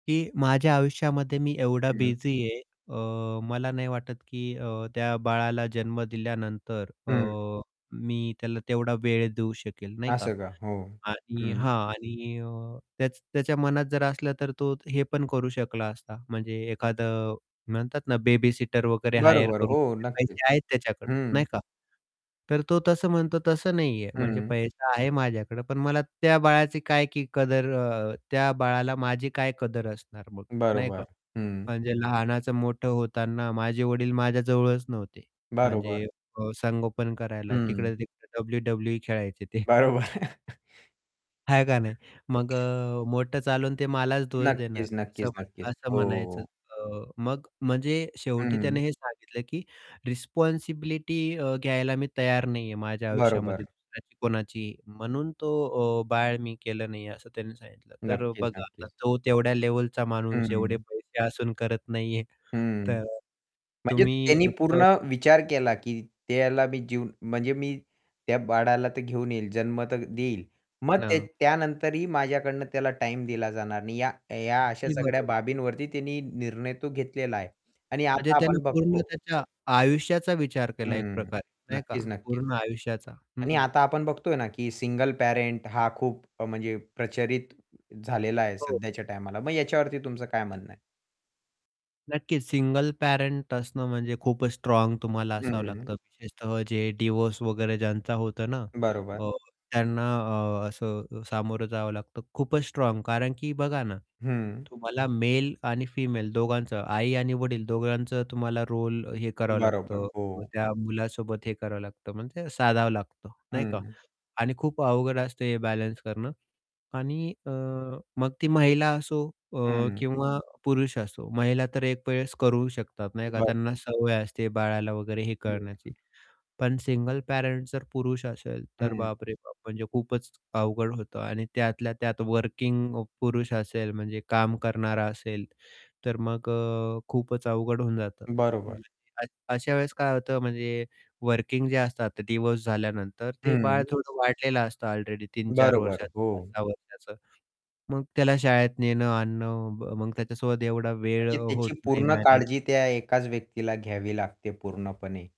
की माझ्या आयुष्यामध्ये मी एवढा हं. बिझी आहे अ, मला नाही वाटत, की अ, त्या बाळाला जन्म दिल्यानंतर अ, हं. मी त्याला तेवढा वेळ देऊ शकेल, नाही का? असं का? हो, आणि हं. हां आणि अ, त्याच त्याच्या मनात जर असलं, तर तो हे पण करू शकला असता, म्हणजे एखादं म्हणतात ना, बेबीसिटर वगैरे हायर बरोबर, करून हो [unintelligible] नक्कीच. पैसे आहेत त्याच्याकडं, नाही हं. का? तर तो तसं म्हणतो, तसं नाहीये. म्हणजे हं. पैसा आहे माझ्याकडं पण मला त्या बाळाची काय की कदर अ, त्या बाळाला माझी काय कदर असणार मग, नाही का? बरोबर, हं. म्हणजे लहानाचं मोठं होताना माझे वडील माझ्याजवळच नव्हते, बरोबर. म्हणजे अ, संगोपन करायला. हं. तिकडं-तिकडं, WWE खेळायचे ते. बरोबर. आहे का नाही? मग अ, मोठं चालून ते मलाच दोष देणार नक्कीच, असं नक्कीच, नक्कीच. म्हण असं हो, हो, म्हणायचं हो. अ मग म्हणजे शेवटी त्याने हं. हे सांगितलं की रिस्पॉन्सिबिलिटी अ, घ्यायला मी तयार नाही आहे. माझ्या आयुष्यामध्ये बरोबर. दुसऱ्याची कोणाचीही. म्हणून तो अ, "बाळ मी केलं नाही" असं त्यांनी सांगितलं. तर अ, नक्कीच, बघा, आता नक्कीच. तो तेवढ्या लेव्हलचा माणूस, एवढे हं. पैसे असून करत नाही आहे. हं. तर म्हणजे तुम्ही त्यानी असं पूर्ण विचार केला, की त्याला मी जीव म्हणजे मी त्या बाळाला तर घेऊन येईल, जन्म तर देईल. हां मग ते ना. त्यानंतरही माझ्याकडनं त्याला टाईम दिला जाणार नाही. या या अशा अगदी सगळ्या बरोबर. बाबींवरती त्यांनी निर्णय तो घेतलेला आहे. आणि म्हणजे आता त्यानं आपण पूर्ण बघतो त्याच्या आयुष्याचा विचार केला एक हं. प्रकारे, नाही का? नक्कीच, नक्कीच. पूर्ण आयुष्याचा. आणि हं. आता आपण बघतोय ना, की सिंगल पॅरेंट हा खूप अ, म्हणजे प्रचलित झालेला आहे हो. सध्याच्या टाईमाला. मग याच्यावरती तुमचं काय म्हणणं आहे? नक्कीच. सिंगल पॅरेंट असणं म्हणजे खूपच स्ट्राँग तुम्हाला असावं हं. लागतं, विशेषतः जे डिव्होर्स वगैरे ज्यांचा होतं ना. बरोबर. अ, त्यांना अ, असं अ, सामोरं जावं लागतं. खूपच स्ट्राँग कारण की बघा ना, हं. तुम्हाला मेल आणि फिमेल दोघांचं, आई आणि वडील दोघांचं तुम्हाला रोल अ, हे करावं बरोबर, लागतं. मग हो. त्या मुलासोबत हे करावं लागतं, म्हणजे साधावं लागतं, नाही का? हं. आणि खूप अवघड असतं हे बॅलन्स करणं. आणि अ, मग ती महिला असो अ, हं. किंवा पुरुष असो. महिला तर एकवेळेस करू शकतात, नाही का, बरं. त्यांना सवय असते बाळाला वगैरे हे हं, करण्याची. हं. पण सिंगल पॅरेंट जर पुरुष असेल, तर हं. बापरे बाप! म्हणजे खूपच अवघड होतं. आणि त्यातल्या त्यात वर्किंग अ, पुरुष असेल, म्हणजे काम करणारा असेल, तर मग अ, खूपच अवघड होऊन जातं. बरोबर. [unintelligible] अ अशा वेळेस काय होतं म्हणजे, वर्किंग जे असतात आता डिव्होर्स झाल्यानंतर, ते बाळ हं. थोडं वाढलेलं असतं ऑलरेडी 3-4 बरोबर, वर्षाचं, पाच हो. सहा वर्षाचं, मग त्याला शाळेत नेणं-आणणं, म मग त्याच्यासोबत एवढा वेळ अ, म्हणजे होत त्याची नाही पूर्ण मॅनेज. काळजी त्या एकाच व्यक्तीला घ्यावी लागते पूर्णपणे.